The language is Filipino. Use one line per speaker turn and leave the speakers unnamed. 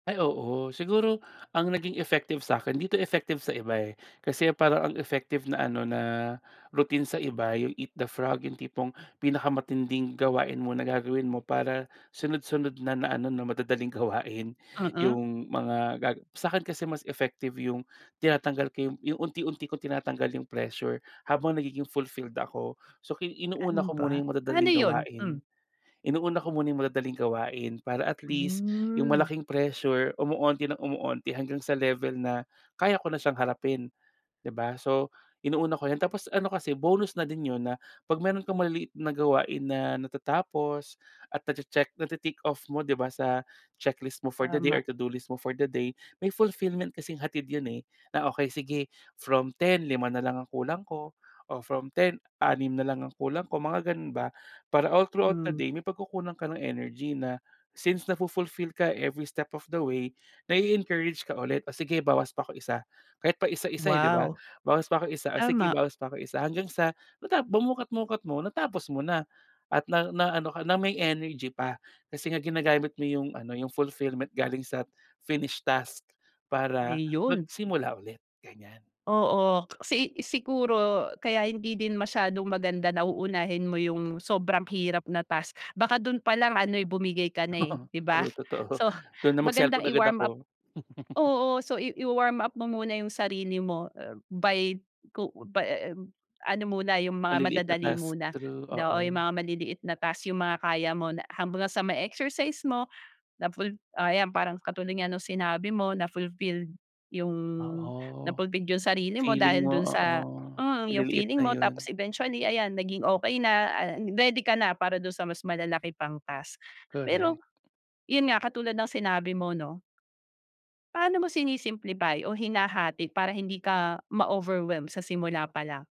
Ay o,o siguro ang naging effective sa 'kin, di to effective sa iba eh, kasi parang ang effective na ano na routine sa iba 'yung, "Eat the frog" 'yung tipong pinakamatinding gawain muna gagawin mo para sunod-sunod na na ano na madadaling gawain.
Mm.
'Yung mga ga sa 'kin kasi mas effective 'yung tinatanggal ko 'yung 'yung unti-unti kong tinatanggal yung pressure habang nagiging fulfilled ako. So ki inuuna
Ano
ko muna
ba
'yung
paano
madadaling
yun? Mm.
gawain, inuuna ko muna 'yung madadaling gawain para at least yung
Hmm.
malaking pressure kumukonti ng kumukonti hanggang sa level na kaya ko na siyang harapin di ba? So, inuuna ko iyan tapos ano kasi bonus na din 'yun na pag meron kang maliliit na gawain na natatapos at na-che-check nati-tick off mo di ba sa checklist mo for the day
Tama.
or to-do list mo for the day may fulfillment kasing hatid 'yun eh, na okey sige from 10 5 nalang ang kulang ko o from 10 6 na lang ang kulang ko mga ganun ba, para all throughout the
Hmm.
day may pagkukunan ka ng energy na since nafu-fulfill ka every step of the way, nai-encourage ka ulit o sige bawas pa ko 1 kahit paisa-isa eh di ba?
Wow!
Bawas pa ko 1 o sige
Tama.
bawas pa ko 1 hanggang sa mata bu mukat-mukat mo natapos mo na at na ano ka na may energy pa. Kasi nga ginagamit mo 'yung ano 'yung fulfillment galing sa finished task para
Ayun.
magsimula ulit, ganiyan.
Oo, kasi siguro kaya hindi din masyadong maganda na uunahin mo 'yung sobrang hirap na task, baka dun palang ano'y bumigay ka na eh,
Oo,
di ba?
true totoo
So
dun na mag-cellphone
magandang
agad
i-warm
ako.
up oo so i i-wa-warm up mo muna 'yung sarili mo by ku by, um, ano muna 'yung mga
Maliliit na
madadali
task.
muna
True
daw oo 'yung
oo.
mga maliliit na task 'yung mga kaya mo na ham ba gang sa may exercise mo na ful oh ayan parang katulad nga nung sinabi mo na fulfilled 'yung
Oo,
na-fulfilled yung sarili mo
feeling
dahil
mo
dun
oo.
sa uh yung
Maliliit
feeling
na
mo tapos
yun.
eventually ayan naging okey na, ah ready ka na para dun sa mas malalaki pang task. Pero
Correct.
yun nga katulad ng sinabi mo 'no paano mo sini-simplify o hinahati para hindi ka ma-overwhelm sa simula palang?